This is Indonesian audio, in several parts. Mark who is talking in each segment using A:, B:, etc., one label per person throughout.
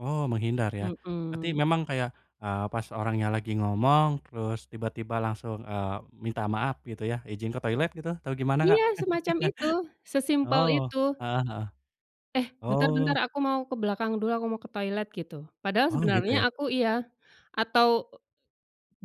A: Oh, menghindar ya. Berarti
B: Mhm.
A: memang kayak, eee, pas orangnya lagi ngomong terus tiba-tiba langsung, eee, minta maaf gitu ya, izin ke toilet gitu? Atau gimana, Kak?
B: Iya semacam itu, sesimpel
A: Oh.
B: itu.
A: Heeh heeh.
B: "Eh, bentar-bentar
A: Oh.
B: aku mau ke belakang dulu, aku mau ke toilet." Gitu. Padahal
A: Oh, gitu ya.
B: sebenarnya aku iya atau, eee,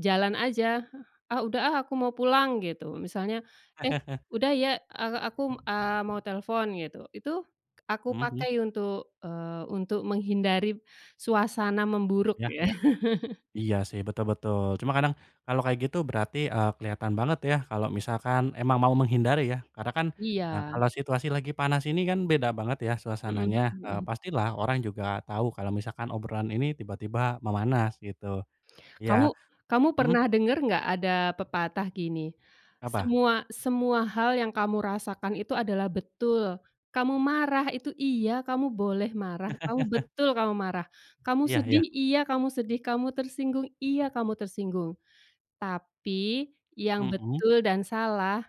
B: jalan aja. "Ah, udah, ah, aku mau pulang," gitu. Misalnya, "Eh, udah ya, eee, aku mmm, eee, mau telfon." Gitu. Itu aku
A: Mhm mhm.
B: pakai untuk eee, untuk menghindari suasana memburuk
A: Iya
B: ya.
A: iya. Iya, sih betul betul, cuma kadang kalau kayak gitu berarti, eee, kelihatan banget ya kalau misalkan emang mau menghindari ya, karena kan, eee,
B: Iya.
A: kalau situasi lagi panas ini kan beda banget ya
B: Mhm
A: suasananya,
B: mhm
A: eee,
B: mhm.
A: pastilah orang juga tau kalau misalkan obrolan ini tiba-tiba memanas gitu. Iya,
B: Kamu kamu
A: mhm?
B: pernah denger enggak ada pepatah gini,
A: Apa?
B: "Semua semua hal yang kamu rasakan itu adalah betul. Kamu marah itu, iya kamu boleh marah, kamu betul kamu marah. Kamu
A: Iya iya.
B: sedih, iya kamu sedih. Kamu tersinggung, iya kamu tersinggung, tapi yang
A: Mhm.
B: betul dan salah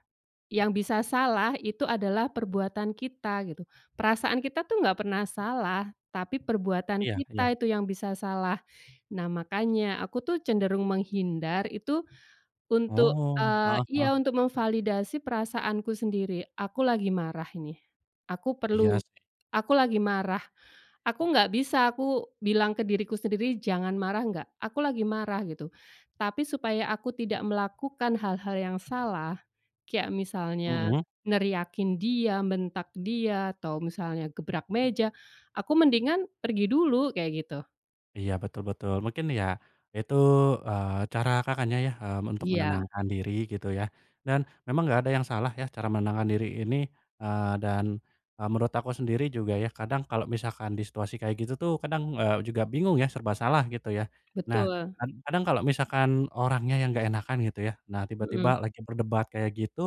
B: yang bisa salah itu adalah perbuatan kita," gitu, "perasaan kita tuh enggak pernah salah, tapi perbuatan
A: Iya iya.
B: kita itu yang bisa salah." Nah, makanya aku tuh cenderung menghindar itu untuk,
A: Oh, heeh
B: eee, iya
A: heeh.
B: untuk memvalidasi perasaanku sendiri. "Aku lagi marah ini, aku
A: Iya
B: perlu
A: sih.
B: aku lagi marah." Aku enggak bisa aku bilang ke diriku sendiri, "Jangan marah," enggak, "Aku lagi marah." Gitu, tapi supaya aku tidak melakukan hal-hal yang salah, kayak misalnya
A: Mhm.
B: neriakin dia, bentak dia, atau misalnya gebrak meja, aku mendingan pergi dulu, kayak gitu.
A: Iya betul betul. Mungkin ya itu, eee, cara Kakaknya ya, mmm, untuk
B: Iya.
A: menenangkan diri gitu ya dan memang enggak ada yang salah ya cara menenangkan diri ini, eee, dan, eee, menurut aku sendiri juga ya, kadang kalau misalkan di situasi kayak gitu tuh, kadang, eee, juga bingung ya, serba salah gitu ya. Nah
B: Betul.
A: kan kadang kalau misalkan orangnya yang enggak enakan gitu ya. Nah
B: Mhm.
A: tiba-tiba lagi berdebat kayak gitu,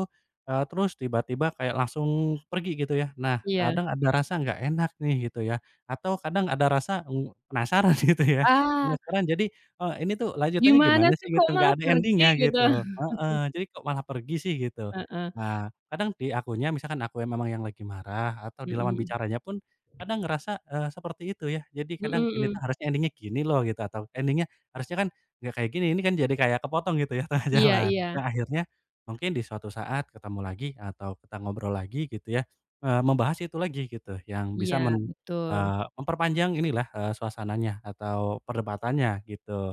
A: eee, terus tiba-tiba kayak langsung pergi gitu ya, nah
B: Iya.
A: kadang ada rasa enggak enak nih gitu ya atau kadang ada rasa, mmm, penasaran gitu ya,
B: Ah.
A: penasaran jadi, eee, "Ini tuh lanjutannya
B: "Gimana
A: gimana
B: sih
A: sih?" Gitu,
B: kok
A: enggak
B: malah
A: ada
B: pergi?"
A: ending-nya
B: Gitu?
A: gitu. Heeh. Jadi, "Kok malah pergi sih?" Gitu.
B: Heeh.
A: Nah, kadang di akunya, misalkan aku yang memang yang lagi marah atau di
B: Mhm
A: lawan
B: mhm.
A: bicaranya pun kadang ngerasa, eee, seperti itu ya. Jadi
B: Mhm
A: kadang, "Ini tuh
B: mhm.
A: harusnya ending-nya gini loh," gitu atau, "Ending-nya harusnya kan enggak kayak gini, ini kan jadi kayak kepotong," gitu ya, tengah
B: Iya
A: jalan.
B: iya.
A: Nah, akhirnya mungkin di suatu saat ketemu lagi atau kita ngobrol lagi gitu ya, eee, membahas itu lagi gitu, yang bisa
B: Iya
A: men
B: betul.
A: eee, memperpanjang inilah, eee, suasananya atau perdebatannya gitu.